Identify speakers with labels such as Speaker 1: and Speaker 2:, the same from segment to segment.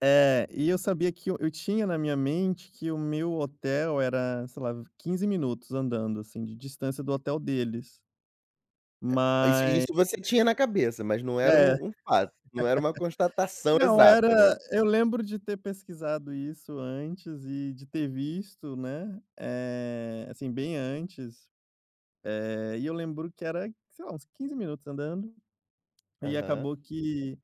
Speaker 1: É, e eu sabia que eu eu tinha na minha mente que o meu hotel era, sei lá, 15 minutos andando, assim, de distância do hotel deles.
Speaker 2: É, isso e
Speaker 1: Ma
Speaker 2: isso você tinha na cabeça, mas não
Speaker 1: É.
Speaker 2: era um um fato. Não era uma constatação
Speaker 1: Não,
Speaker 2: exata, né.
Speaker 1: era eu lembro de ter pesquisado isso antes, e de ter visto, né, eh, assim, bem antes, eh, e eu lembro que era, sei lá, uns 15 minutos andando, e
Speaker 2: Aham.
Speaker 1: acabou que,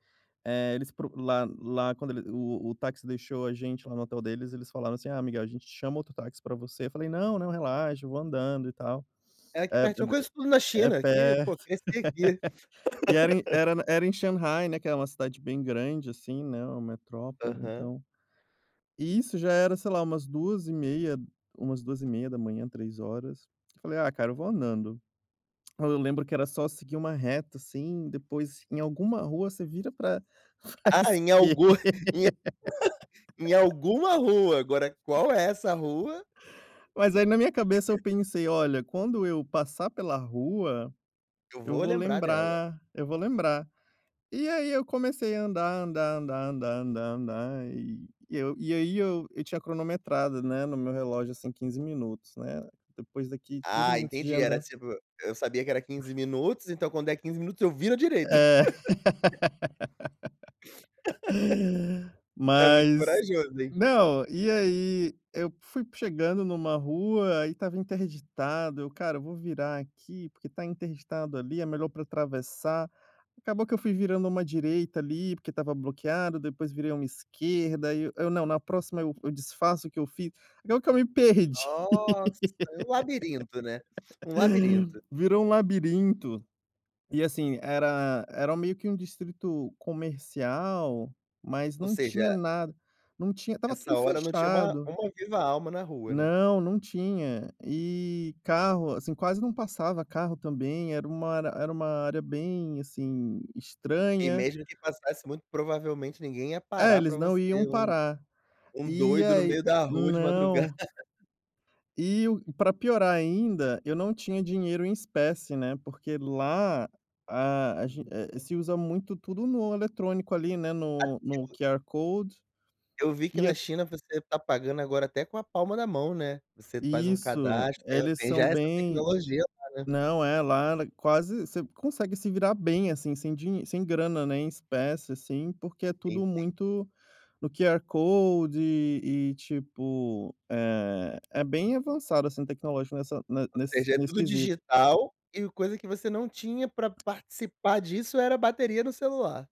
Speaker 1: eh, eles procu lá lá quando ele o o táxi deixou a gente lá no hotel deles, eles falaram assim: "Ah Miguel, a gente chama outro táxi pra você", eu falei: "Não, não, relaxa, eu vou andando, e tal".
Speaker 2: "É aqui
Speaker 1: É é
Speaker 2: pertinho,
Speaker 1: b
Speaker 2: conheço tudo na
Speaker 1: é perto
Speaker 2: China, aqui, pô, cresci aqui".
Speaker 1: e era em era na era em Xangai, né, que é uma cidade bem grande, assim, né, uma metrópole,
Speaker 2: Aham.
Speaker 1: então. E isso já era, sei lá, umas 2 e meia umas 2h30, 3 horas, eu falei: "Ah, cara eu vou andando". Aí eu lembro que era só seguir uma reta, assim, depois em alguma rua você vira pra pra
Speaker 2: Ah, em
Speaker 1: esquer
Speaker 2: algum em em alguma rua, agora, qual é essa rua.
Speaker 1: Mas aí, na minha cabeça, eu pensei: "Olha, quando eu passar pela rua,
Speaker 2: "Eu
Speaker 1: eu
Speaker 2: vou
Speaker 1: vou
Speaker 2: lembrar dela".
Speaker 1: lembrar Eu vou lembrar". E aí eu comecei a andar, andar, andar, andar, andar, andar, e eu e aí eu eu tinha cronometrado, né, no meu relógio, assim, 15 minutos, né. Depois daqui 15
Speaker 2: Ah,
Speaker 1: minutos de
Speaker 2: entendi, era
Speaker 1: andar
Speaker 2: tipo, "eu sabia que era 15 minutos, então quando der 15 minutos, eu viro à direita".
Speaker 1: É.
Speaker 2: É muito
Speaker 1: Mas
Speaker 2: corajoso, hein.
Speaker 1: não, e aí eu p fui chegando numa rua, e estava interditado, eu: "Cara, eu vou virar aqui, porque tá interditado ali, é melhor pra atravessar". Acabou que eu fui virando uma direita, ali, porque estava bloqueado, depois virei uma esquerda, aí eu eu, "não, na próxima, eu eu disfaço o que eu fiz", acabou que eu me perdi.
Speaker 2: Nossa, um labirinto, né. Um labirinto.
Speaker 1: Virou um labirinto. E assim, era era meio que um distrito comercial, mas
Speaker 2: Ou
Speaker 1: não tinha
Speaker 2: seja
Speaker 1: nada, não tinha estava
Speaker 2: essa
Speaker 1: tudo
Speaker 2: hora não tinha uma
Speaker 1: fechado.
Speaker 2: uma viva alma na rua, né.
Speaker 1: Não, não tinha. E carro, assim, quase não passava carro também, era uma era era uma área bem, assim,
Speaker 2: E
Speaker 1: estranha.
Speaker 2: mesmo que passasse, muito provavelmente ninguém ia
Speaker 1: É,
Speaker 2: parar pra
Speaker 1: eles não
Speaker 2: você
Speaker 1: iam
Speaker 2: um
Speaker 1: parar.
Speaker 2: um
Speaker 1: E
Speaker 2: doido no
Speaker 1: aí
Speaker 2: meio da rua, de madru
Speaker 1: não E o pra piorar ainda, eu não tinha dinheiro em espécie, né, porque lá, ah, a gen eh,
Speaker 2: [unintelligible]
Speaker 1: se usa muito tudo no eletrônico, ali, né, no no
Speaker 2: [unintelligible]
Speaker 1: QR Code,
Speaker 2: Eu vi que
Speaker 1: e
Speaker 2: na
Speaker 1: é
Speaker 2: China, você está pagando agora até com a palma na mão, né. Você faz um
Speaker 1: Isso.
Speaker 2: cadastro, tem a
Speaker 1: Eles
Speaker 2: tem já
Speaker 1: são
Speaker 2: essa
Speaker 1: bem
Speaker 2: tecnologia lá, né.
Speaker 1: não, é, lá ela quase você consegue se virar bem, assim, sem dinhe sem grana, né, em espécie, assim, porque é
Speaker 2: Sim,
Speaker 1: tudo
Speaker 2: sim.
Speaker 1: muito no QR Code, e tipo, eh, é bem avançado, assim, tecnológico nessa ne
Speaker 2: Ou
Speaker 1: nesse
Speaker 2: seja, é
Speaker 1: nesse
Speaker 2: tudo
Speaker 1: quesito.
Speaker 2: digital, e coisa que você não tinha pra participar disso, era bateria no celular.